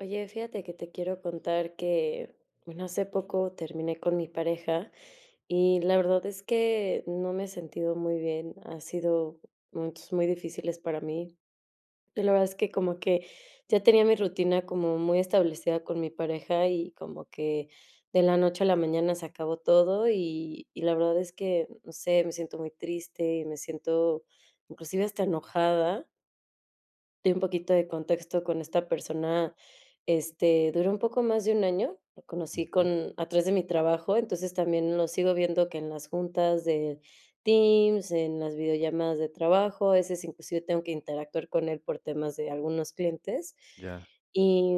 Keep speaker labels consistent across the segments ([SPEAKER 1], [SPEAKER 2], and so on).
[SPEAKER 1] Oye, fíjate que te quiero contar que, bueno, hace poco terminé con mi pareja, y la verdad es que no me he sentido muy bien, ha sido momentos muy difíciles para mí. Y la verdad es que como que ya tenía mi rutina como muy establecida con mi pareja, y como que de la noche a la mañana se acabó todo, y y la verdad es que, no sé, me siento muy triste y me siento inclusive hasta enojada. Y un poquito de contexto. Con esta persona, este, duró un poco más de un año, lo conocí
[SPEAKER 2] Ujú.
[SPEAKER 1] con a través de mi trabajo, entonces, también lo sigo viendo que en las juntas de teams, en las videollamadas de trabajo, a veces, inclusive tengo que interactuar con él por temas de algunos clientes.
[SPEAKER 2] Ya.
[SPEAKER 1] Y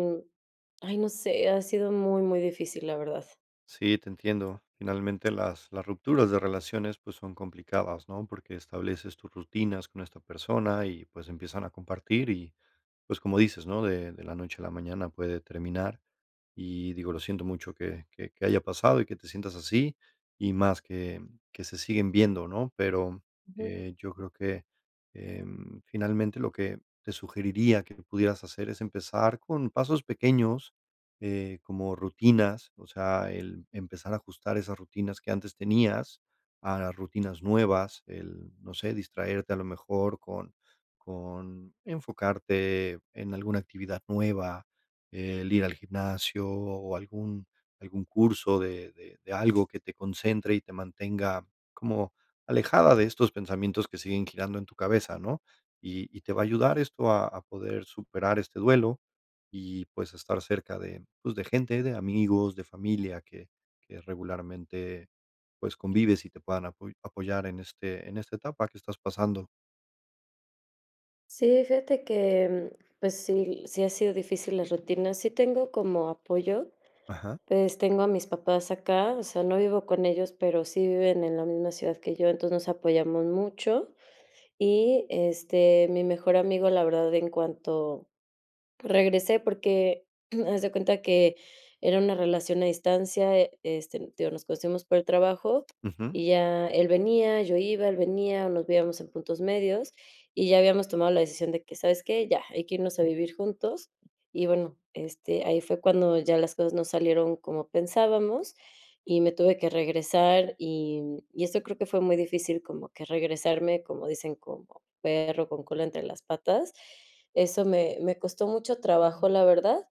[SPEAKER 1] ay, no sé, ha sido muy, muy difícil, la verdad.
[SPEAKER 2] Sí, te entiendo. Finalmente, las las rupturas de relaciones, pues, son complicadas, ¿no? Porque estableces tus rutinas con esta persona y, pues, empiezan a compartir y, pues, como dices, ¿no?, de de la noche a la mañana puede terminar, y digo, lo siento mucho que que que haya pasado y que te sientas así, y más que que se siguen viendo, ¿no? Pero,
[SPEAKER 1] Ujú.
[SPEAKER 2] eh, yo creo que, em, finalmente, lo que te sugeriría que pudieras hacer es empezar con pasos pequeños, eh, como rutinas, o sea, el empezar a ajustar esas rutinas que antes tenías a las rutinas nuevas, el no sé, distraerte a lo mejor con con enfocarte en alguna actividad nueva, eh, el ir al gimnasio o algún algún curso de de de algo que te concentre y te mantenga como alejada de estos pensamientos que siguen girando en tu cabeza, ¿no? Y y te va a ayudar esto a a poder superar este duelo y, pues, estar cerca de, pues, de gente, de amigos, de familia que que regularmente, pues, convives y te puedan apo apoyar en este en esta etapa que estás pasando.
[SPEAKER 1] Sí, fíjate que, pues sí, sí han sido difícil las rutinas. Sí tengo como apoyo.
[SPEAKER 2] Ajá.
[SPEAKER 1] Pues, tengo a mis papás acá, o sea, no vivo con ellos, pero sí viven en la misma ciudad que yo, entonces nos apoyamos mucho y, este, mi mejor amigo la verdad, en cuanto regresé porque, haz de cuenta que era una relación a distancia, este, digo, nos conocimos por el trabajo
[SPEAKER 2] Ujú.
[SPEAKER 1] y ya él venía, yo iba, él venía, nos veíamos en puntos medios y ya habíamos tomado la decisión de que, ¿sabes qué? Ya, hay que irnos a vivir juntos y, bueno, este, ahí fue cuando ya las cosas no salieron como pensábamos y me tuve que regresar y, y eso creo que fue muy difícil, como que regresarme, como dicen: "Como perro con cola entre las patas". Eso me me costó mucho trabajo, la verdad.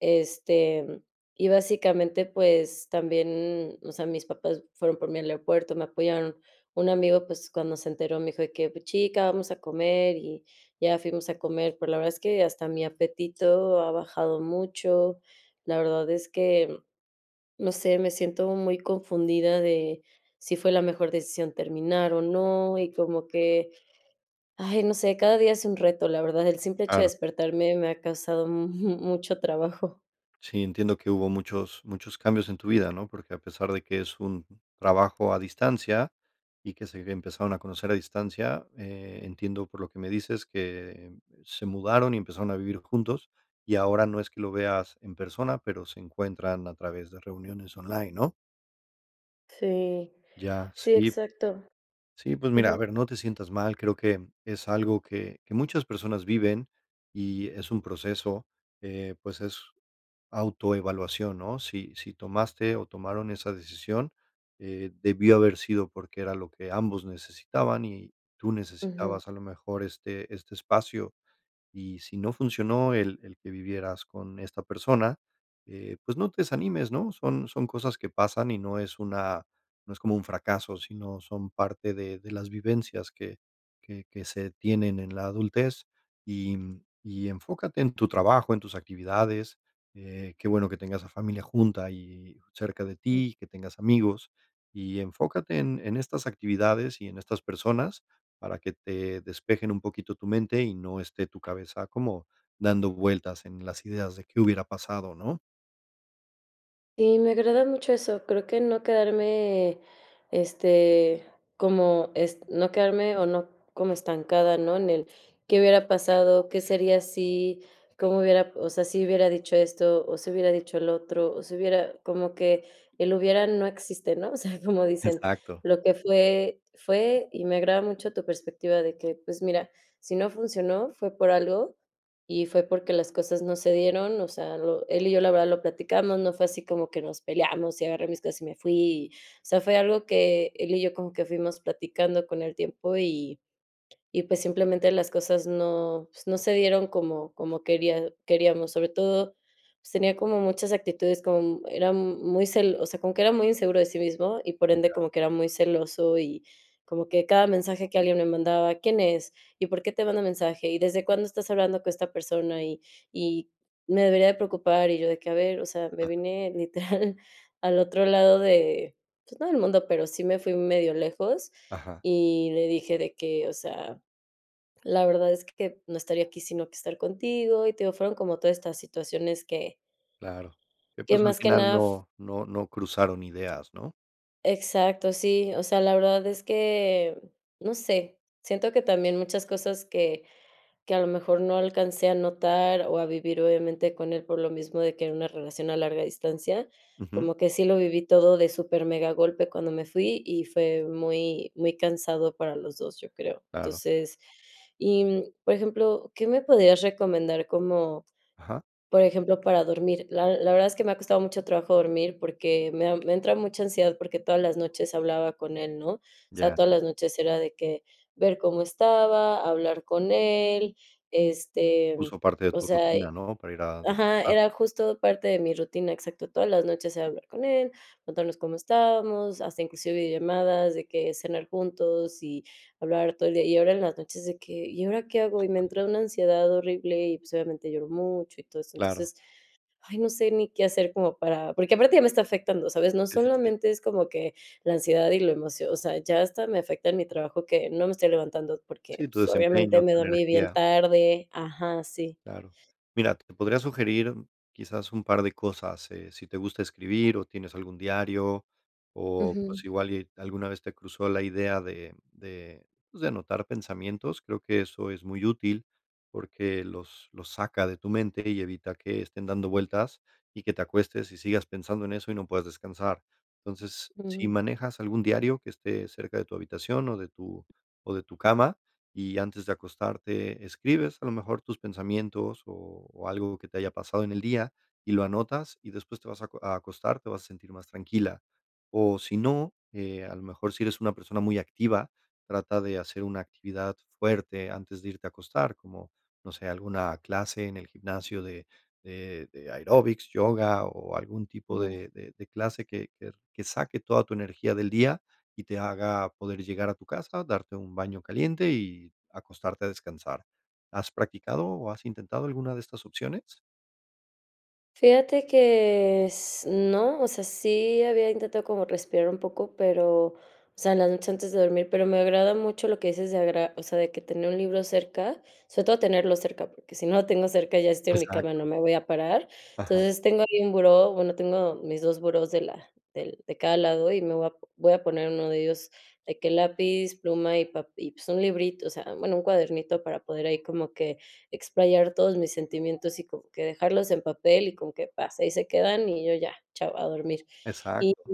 [SPEAKER 1] Este, y básicamente, pues, también, o sea, mis papás fueron por mí al aeropuerto, me apoyaron. Un amigo, pues, cuando se enteró, me dijo de que: "Pues, chica, vamos a comer". Y ya fuimos a comer, pero la verdad es que hasta mi apetito ha bajado mucho. La verdad es que, no sé, me siento muy confundida de si fue la mejor decisión terminar o no, y como que, ay, no sé, cada día es un reto, la verdad, el simple hecho de
[SPEAKER 2] Claro.
[SPEAKER 1] despertarme me ha causado mu mucho trabajo.
[SPEAKER 2] Sí, entiendo que hubo muchos muchos cambios en tu vida, ¿no? Porque, a pesar de que es un trabajo a distancia, y que se empezaron a conocer a distancia, eh, entiendo, por lo que me dices, que se mudaron y empezaron a vivir juntos, y ahora no es que lo veas en persona, pero se encuentran a través de reuniones online, ¿no?
[SPEAKER 1] Sí,
[SPEAKER 2] Ya,
[SPEAKER 1] si
[SPEAKER 2] sí.
[SPEAKER 1] exacto.
[SPEAKER 2] Sí, pues, mira, a
[SPEAKER 1] Ujú.
[SPEAKER 2] ver, no te sientas mal, creo que es algo que que muchas personas viven y es un proceso, eh, pues, es autoevaluación, ¿no? Si si tomaste o tomaron esa decisión, eh, debió haber sido porque era lo que ambos necesitaban y tú
[SPEAKER 1] Ujú.
[SPEAKER 2] necesitabas, a lo mejor, este este espacio, y si no funcionó el el que vivieras con esta persona, eh, pues, no te desanimes, ¿no?, son son cosas que pasan y no es una no es como un fracaso, sino son parte de de las vivencias que que que se tienen en la adultez. Y y enfócate en tu trabajo, en tus actividades, eh, qué bueno que tengas a familia junta y cerca de
[SPEAKER 1] Mm.
[SPEAKER 2] ti, que tengas amigos, y enfócate en en estas actividades y en estas personas para que te despejen un poquito tu mente y no esté tu cabeza como dando vueltas en las ideas de qué hubiera pasado, ¿no?
[SPEAKER 1] Sí, me agrada mucho eso, creo que no quedarme, este, como est no quedarme o no como estancada, ¿no?, en el qué hubiera pasado, qué sería si, cómo hubiera, o sea, si hubiera dicho esto o si hubiera dicho el otro, o si hubiera como que el hubiera no existe, ¿no? O sea, como dicen:
[SPEAKER 2] Exacto.
[SPEAKER 1] "Lo que fue, fue". Y me agrada mucho tu perspectiva de que, pues, mira, si no funcionó, fue por algo y fue porque las cosas no se dieron, o sea, lo él y yo la verdad lo platicamos, no fue así como que nos peleamos y agarré mis cosas y me fui. O sea, fue algo que él y yo como que fuimos platicando con el tiempo y y, pues, simplemente, las cosas no, pues, no se dieron como como quería queríamos. Sobre todo, pues, tenía como muchas actitudes, como mu era muy cel o sea, como que era muy inseguro de sí mismo y, por ende,
[SPEAKER 2] Ya.
[SPEAKER 1] como que era muy celoso y como que cada mensaje que alguien me mandaba, ¿quién es? ¿Y por qué te manda mensaje? ¿Y desde cuándo estás hablando con esta persona? ¿Y y me debería de preocupar? Y yo de que, a ver, o sea, me
[SPEAKER 2] Ajá.
[SPEAKER 1] vine, literal, al otro lado de, pues, no del mundo, pero sí me fui un medio lejos,
[SPEAKER 2] Ajá.
[SPEAKER 1] y le dije de que, o sea, la verdad es que no estaría aquí si no quisiera estar contigo y te digo, fueron como todas estas situaciones que
[SPEAKER 2] Claro. Ya,
[SPEAKER 1] que
[SPEAKER 2] pues, al
[SPEAKER 1] más que
[SPEAKER 2] final,
[SPEAKER 1] nada f
[SPEAKER 2] no no no cruzaron ideas, ¿no?
[SPEAKER 1] Exacto, sí, o sea, la verdad es que no sé, siento que también muchas cosas que que, a lo mejor, no alcancé a notar o a vivir, obviamente, con él por lo mismo de que era una relación a larga distancia,
[SPEAKER 2] Ujú.
[SPEAKER 1] como que sí lo viví todo de supermegagolpe cuando me fui y fue muy muy cansado para los 2 yo creo.
[SPEAKER 2] Claro.
[SPEAKER 1] Entonces, y, por ejemplo, ¿qué me podrías recomendar como,
[SPEAKER 2] Ajá
[SPEAKER 1] por ejemplo, para dormir? La la verdad es que me ha costado mucho trabajo dormir, porque me da me entra mucha ansiedad, porque todas las noches hablaba con él, ¿no? O sea,
[SPEAKER 2] Ya.
[SPEAKER 1] todas las noches era de que, ver cómo estaba, hablar con él,
[SPEAKER 2] Sí, sí.
[SPEAKER 1] este,
[SPEAKER 2] [unintelligible] parte de
[SPEAKER 1] o
[SPEAKER 2] tu
[SPEAKER 1] sea,
[SPEAKER 2] rutina,
[SPEAKER 1] y
[SPEAKER 2] ¿no?, para ir a
[SPEAKER 1] Ajá,
[SPEAKER 2] descansar.
[SPEAKER 1] era justo parte de mi rutina, exacto, todas las noches era hablar con él, contarnos cómo estábamos, hasta inclusive llamadas de que cenar juntos y hablar todo el día. Y ahora en las noches de que, ¿y ahora qué hago? Y me entra una ansiedad horrible y, pues, obviamente, lloro mucho y todo eso.
[SPEAKER 2] Claro.
[SPEAKER 1] Entonces, ay, no sé ni qué hacer como para porque aparte ya me está afectando, ¿sabes? No
[SPEAKER 2] Es, este
[SPEAKER 1] solamente es como que la ansiedad y la emocio o sea, ya hasta me afecta en mi trabajo que no me estoy levantando porque,
[SPEAKER 2] Sí, tu
[SPEAKER 1] pues, obviamente,
[SPEAKER 2] desempeño,
[SPEAKER 1] me
[SPEAKER 2] tu
[SPEAKER 1] dormí bien
[SPEAKER 2] energía.
[SPEAKER 1] tarde ajá, sí.
[SPEAKER 2] Claro. Mira, te podría sugerir quizás un par de cosas, eh, si te gusta escribir o tienes algún diario o,
[SPEAKER 1] Ujú.
[SPEAKER 2] pues, igual y alguna vez te cruzó la idea de de, pues, de anotar pensamientos, creo que eso es muy útil, porque los los saca de tu mente y evita que estén dando vueltas y que te acuestes y sigas pensando en eso y no puedas descansar. Entonces, si
[SPEAKER 1] Ujú.
[SPEAKER 2] manejas algún diario que esté cerca de tu habitación o de tu o de tu cama, y antes de acostarte escribes, a lo mejor, tus pensamientos o o algo que te haya pasado en el día y lo anotas, y después te vas a co a acostar, te vas a sentir más tranquila. O si no, eh, a lo mejor, si eres una persona muy activa, trata de hacer una actividad fuerte antes de irte a acostar, como, no sé, alguna clase en el gimnasio de de de aeróbics, yoga o algún tipo
[SPEAKER 1] Ujú.
[SPEAKER 2] de de de clase que que que saque toda tu energía del día y te haga poder llegar a tu casa, darte un baño caliente y acostarte a descansar. ¿Has practicado o has intentado alguna de estas opciones?
[SPEAKER 1] Fíjate que s no, o sea, sí había intentado como respirar un poco, pero, o sea, las noches antes de dormir, pero me agrada mucho lo que dices de agarrar, o sea, de que tener un libro cerca, sobre todo tenerlo cerca, porque si no lo tengo cerca y ya estoy en mi cama,
[SPEAKER 2] Exacto.
[SPEAKER 1] no me voy a parar.
[SPEAKER 2] Ajá.
[SPEAKER 1] Entonces, tengo ahí un buró, bueno, tengo mis 2 burós de la del de cada lado y me voy a voy a poner 1 de ellos, de que lápiz, pluma, y un pape pues, un librito, o sea, bueno, un cuadernito para poder ahí como que explayar todos mis sentimientos y como, que dejarlos en papel, y como qué pasa, y ahí se quedan, y yo ya, chao, a dormir. Y
[SPEAKER 2] Exacto.
[SPEAKER 1] y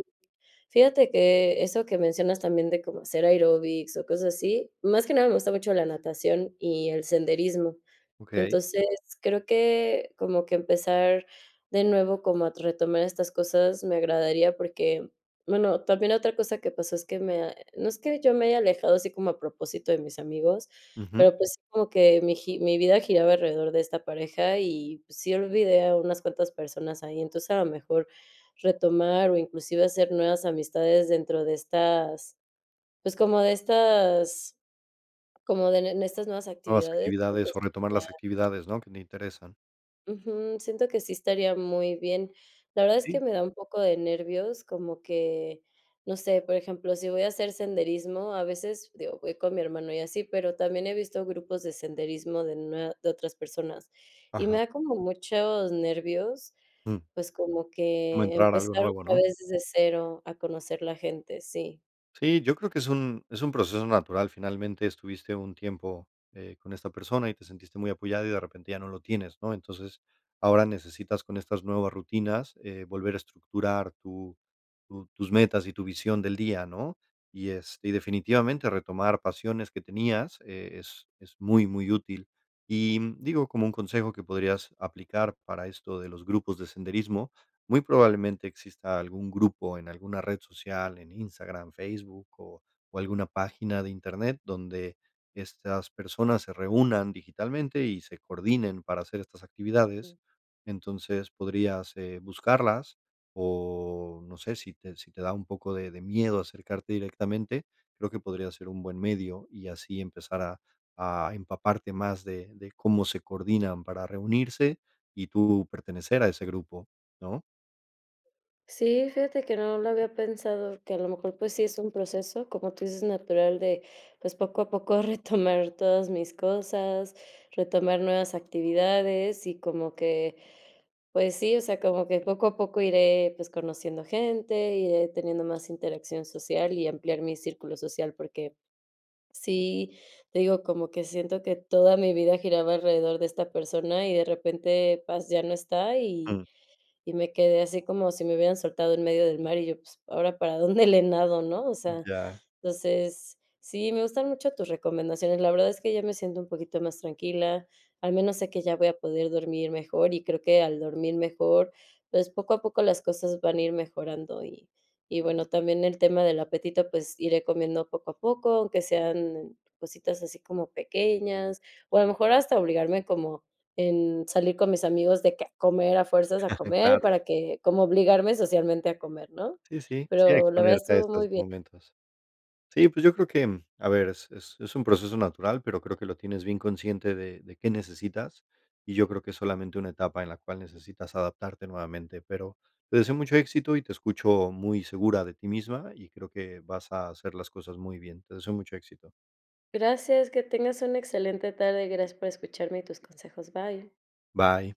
[SPEAKER 1] fíjate que eso que mencionas también de cómo hacer aeróbics o cosas así, más que nada me gusta mucho la natación y el senderismo,
[SPEAKER 2] Okey.
[SPEAKER 1] entonces, creo que como que empezar de nuevo como a retomar estas cosas me agradaría, porque, bueno, también otra cosa que pasó es que me ha no es que yo me haya alejado así como a propósito de mis amigos,
[SPEAKER 2] Ujú.
[SPEAKER 1] pero, pues, sí como que mi gi mi vida giraba alrededor de esta pareja y, pues, sí, olvidé a unas cuantas personas ahí. Entonces, a lo mejor, retomar o inclusive hacer nuevas amistades dentro de estas, pues, como de estas como de en en estas nuevas
[SPEAKER 2] Nuevas
[SPEAKER 1] actividades, porque
[SPEAKER 2] actividades o retomar
[SPEAKER 1] estudiar
[SPEAKER 2] las actividades, ¿no?, que te interesan.
[SPEAKER 1] Ujú, siento que sí estaría muy bien. La verdad es que
[SPEAKER 2] Sí.
[SPEAKER 1] me da un poco de nervios, como que, no sé, por ejemplo, si voy a hacer senderismo, a veces digo, voy con mi hermano y así, pero también he visto grupos de senderismo de nue de otras personas, y me
[SPEAKER 2] Ajá.
[SPEAKER 1] da como muchos nervios,
[SPEAKER 2] Mm.
[SPEAKER 1] pues, como
[SPEAKER 2] Como
[SPEAKER 1] que
[SPEAKER 2] entrar a algo
[SPEAKER 1] empezar
[SPEAKER 2] nuevo,
[SPEAKER 1] otra
[SPEAKER 2] ¿no?
[SPEAKER 1] vez desde cero a conocer la gente, sí.
[SPEAKER 2] Sí, yo creo que es un es un proceso natural, finalmente estuviste un tiempo, eh, con esta persona y te sentiste muy apoyada, y de repente ya no lo tienes, ¿no?, entonces, ahora necesitas con estas nuevas rutinas, eh, volver a estructurar tu, tu tus metas y tu visión del día, ¿no?, y es y definitivamente retomar pasiones que tenías, eh, es es muy, muy útil, y digo, como un consejo que podrías aplicar para esto de los grupos de senderismo, muy probablemente exista algún grupo en alguna red social, en Instagram, Facebook o o alguna página de Internet donde, estas personas se reúnan digitalmente y se coordinen para hacer estas actividades,
[SPEAKER 1] Okey.
[SPEAKER 2] entonces podrías, eh, buscarlas, o no sé si te si te da un poco de de miedo acercarte directamente, creo que podría ser un buen medio y así empezar a a empaparte más de de cómo se coordinan para reunirse y tú pertenecer a ese grupo, ¿no?
[SPEAKER 1] Sí, fíjate que no lo había pensado, que a lo mejor pues sí es un proceso, como tú dices, natural de, pues, poco a poco retomar todas mis cosas, retomar nuevas actividades y como que, pues sí, o sea, como que poco a poco iré, pues conociendo gente, iré teniendo más interacción social y ampliar mi círculo social, porque, sí te digo, como que siento que toda mi vida giraba alrededor de esta persona y de repente, ¡paz!, ya no está y
[SPEAKER 2] Mm.
[SPEAKER 1] y me quedé así como si me hubieran soltado en medio del mar y yo: "Pues, ahora para dónde le nado, ¿no?", o sea,
[SPEAKER 2] Ya.
[SPEAKER 1] entonces, sí, me gustan mucho tus recomendaciones, la verdad es que ya me siento un poquito más tranquila, al menos sé que ya voy a poder dormir mejor y creo que al dormir mejor, pues, poco a poco las cosas van a ir mejorando y y bueno, también el tema del apetito, pues iré comiendo poco a poco, aunque sean, cositas así como pequeñas, o a lo mejor hasta obligarme como en salir con mis amigos de que a comer a fuerzas a comer
[SPEAKER 2] Claro.
[SPEAKER 1] para que como obligarme socialmente a comer, ¿no?,
[SPEAKER 2] Sí, sí, sí, a
[SPEAKER 1] pero la verdad
[SPEAKER 2] exponerte a
[SPEAKER 1] estuvo
[SPEAKER 2] estos
[SPEAKER 1] muy bien.
[SPEAKER 2] momentos. Sí, pues yo creo que, a ver, es es un proceso natural, pero creo que lo tienes bien consciente de de qué necesitas, y yo creo que es solamente una etapa en la cual necesitas adaptarte nuevamente, pero, te deseo mucho éxito y te escucho muy segura de ti misma, y creo que vas a hacer las cosas muy bien, te deseo mucho éxito.
[SPEAKER 1] Gracias, que tengas una excelente tarde, gracias por escucharme y tus consejos, bye.
[SPEAKER 2] Bye.